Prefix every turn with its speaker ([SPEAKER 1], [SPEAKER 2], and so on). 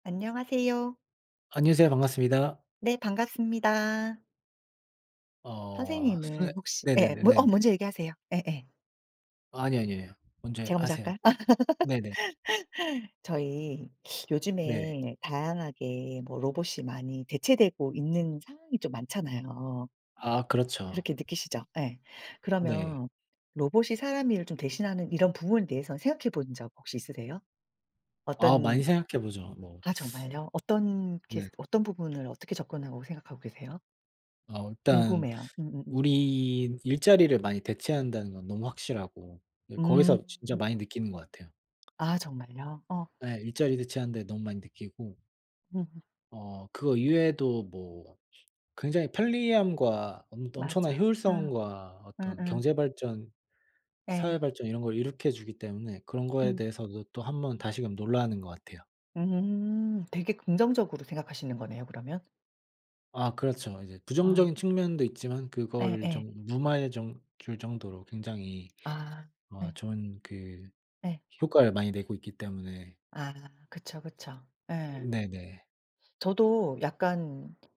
[SPEAKER 1] 안녕하세요.
[SPEAKER 2] 안녕하세요. 반갑습니다.
[SPEAKER 1] 네. 반갑습니다.
[SPEAKER 2] 어.
[SPEAKER 1] 선생님을
[SPEAKER 2] 선생
[SPEAKER 1] 혹시 예 어
[SPEAKER 2] 네네네네네.
[SPEAKER 1] 먼저 얘기하세요. 예예.
[SPEAKER 2] 아니요. 아니에요. 먼저
[SPEAKER 1] 제가 먼저
[SPEAKER 2] 하세요.
[SPEAKER 1] 할까요?
[SPEAKER 2] 네네.
[SPEAKER 1] 저희
[SPEAKER 2] 네.
[SPEAKER 1] 요즘에 다양하게 뭐 로봇이 많이 대체되고 있는 상황이 좀 많잖아요.
[SPEAKER 2] 아. 그렇죠.
[SPEAKER 1] 그렇게 느끼시죠? 예.
[SPEAKER 2] 네.
[SPEAKER 1] 그러면 로봇이 사람 일을 좀 대신하는 이런 부분에 대해서 생각해 본 적 혹시 있으세요?
[SPEAKER 2] 아
[SPEAKER 1] 어떤
[SPEAKER 2] 많이 생각해 보죠 뭐.
[SPEAKER 1] 아 정말요? 어떤 케이스
[SPEAKER 2] 네.
[SPEAKER 1] 어떤 부분을 어떻게 접근하고 생각하고 계세요?
[SPEAKER 2] 어 일단
[SPEAKER 1] 궁금해요. 음음음.
[SPEAKER 2] 우리 일자리를 많이 대체한다는 건 너무 확실하고 네
[SPEAKER 1] 음.
[SPEAKER 2] 거기서 진짜 많이 느끼는 것 같아요.
[SPEAKER 1] 아 정말요? 어.
[SPEAKER 2] 네 일자리 대체하는데 너무 많이 느끼고
[SPEAKER 1] 음음.
[SPEAKER 2] 어 그거 이외에도 뭐 굉장히 편리함과 엄 엄청난
[SPEAKER 1] 맞아. 음.
[SPEAKER 2] 효율성과 어떤
[SPEAKER 1] 음음.
[SPEAKER 2] 경제 발전, 사회
[SPEAKER 1] 예.
[SPEAKER 2] 발전 이런 걸 이룩해 주기 때문에 그런 거에
[SPEAKER 1] 음.
[SPEAKER 2] 대해서도 또 한번 다시금 놀라는 것 같아요.
[SPEAKER 1] 음. 되게 긍정적으로 생각하시는 거네요 그러면?
[SPEAKER 2] 아 그렇죠. 이제
[SPEAKER 1] 아.
[SPEAKER 2] 부정적인 측면도 있지만 그거를
[SPEAKER 1] 예예.
[SPEAKER 2] 좀 무마해 좀 줄 정도로 굉장히
[SPEAKER 1] 아.
[SPEAKER 2] 어
[SPEAKER 1] 예.
[SPEAKER 2] 좋은 그
[SPEAKER 1] 예.
[SPEAKER 2] 효과를 많이 내고 있기 때문에
[SPEAKER 1] 아. 그쵸, 그쵸. 예.
[SPEAKER 2] 네네.
[SPEAKER 1] 저도 약간